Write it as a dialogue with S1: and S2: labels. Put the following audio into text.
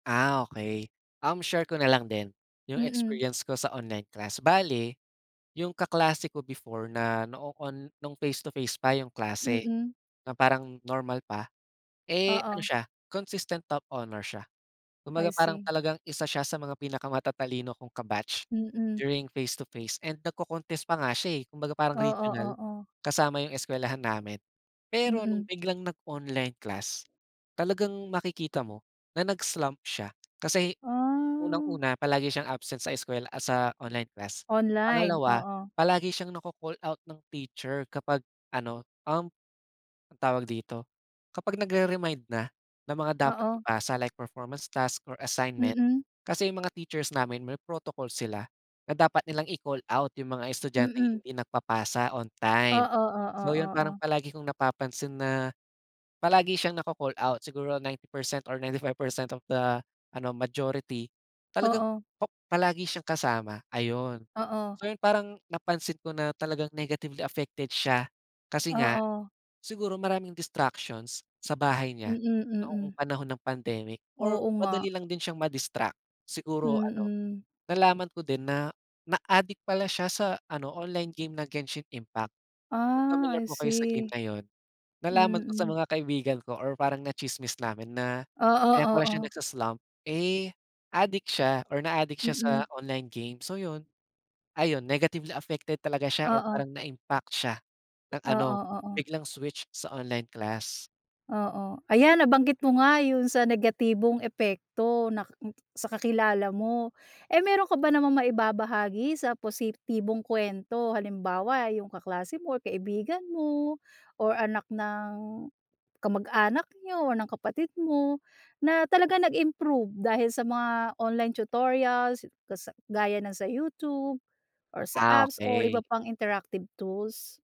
S1: Ah okey. Um, share ko na lang din, yung
S2: Mm.
S1: experience ko sa online class bale, yung kaklase ko before na noon nung face to face pa yung klase.
S2: Mm.
S1: Na parang normal pa, eh, ano
S2: Oo.
S1: siya, consistent top honor siya.
S2: I
S1: Kumbaga parang
S2: see.
S1: talagang isa siya sa mga pinaka-matatalino kong ka-batch,
S2: Mm.
S1: during face to face and nag-co-contest pa nga siya eh, kumbaga parang
S2: Oo,
S1: regional,
S2: oo.
S1: kasama yung eskwelahan namin. Pero nung
S2: Mm.
S1: biglang nag-online class, talagang makikita mo, na nag-slump siya kasi,
S2: Ah.
S1: unang-una palagi siyang absent sa eskuwela at sa online class,
S2: Online,
S1: pangalawa
S2: oo.
S1: palagi siyang na-ko-call out ng teacher kapag ano, um, ang tawag dito, kapag nag-re-mind na, ng mga dapat
S2: Oo.
S1: ipasa like performance task or assignment.
S2: Mm.
S1: Kasi yung mga teachers namin may protocol sila, na dapat nilang i-call out yung mga estudyanteng
S2: Mm.
S1: hindi nagpapasa on time.
S2: Oo, oo,
S1: So yun parang
S2: oo.
S1: palagi kong napapansin na, palagi siyang na-co-call out siguro 90% or 95% of the ano majority talagang
S2: Oo.
S1: pa palagi siyang kasama, ayun.
S2: Oo.
S1: So yun parang napansin ko na talagang negatively affected siya, kasi nga,
S2: Oo.
S1: siguro maraming distractions, sa bahay niya,
S2: Mm,
S1: noong
S2: mm.
S1: panahon ng pandemic or
S2: Oo
S1: madali
S2: nga.
S1: lang din siyang ma-distract. Siguro ano,
S2: Mm.
S1: nalaman ko din na na-adik pala siya sa ano online game na Genshin Impact. Kung
S2: Ah,
S1: familiar
S2: I
S1: po kayo sa game
S2: see.
S1: na yun, nalaman ko sa
S2: Mm.
S1: mga kaibigan ko or parang na-tsismis namin na
S2: Oo,
S1: kaya pala siya
S2: oo.
S1: nagsa-slump eh adik siya or na-aadik siya sa
S2: Mm.
S1: online game so yun. Ayun negatively affected talaga siya or
S2: Oo.
S1: parang na-impact siya ng
S2: Oo,
S1: ano,
S2: oo.
S1: biglang switch sa online class.
S2: Oo ayan nabanggit mo nga yun sa negatibong epekto na sa kakilala mo. Eh meron ka ba namang maibabahagi sa positibong kwento, halimbawa yung kaklase mo or kaibigan mo, or anak ng kamag-anak niyo, or ng kapatid mo, na talaga nag-improve dahil sa mga online tutorials sa gaya ng sa YouTube, or sa
S1: Ah,
S2: apps or iba
S1: okey.
S2: pang interactive tools?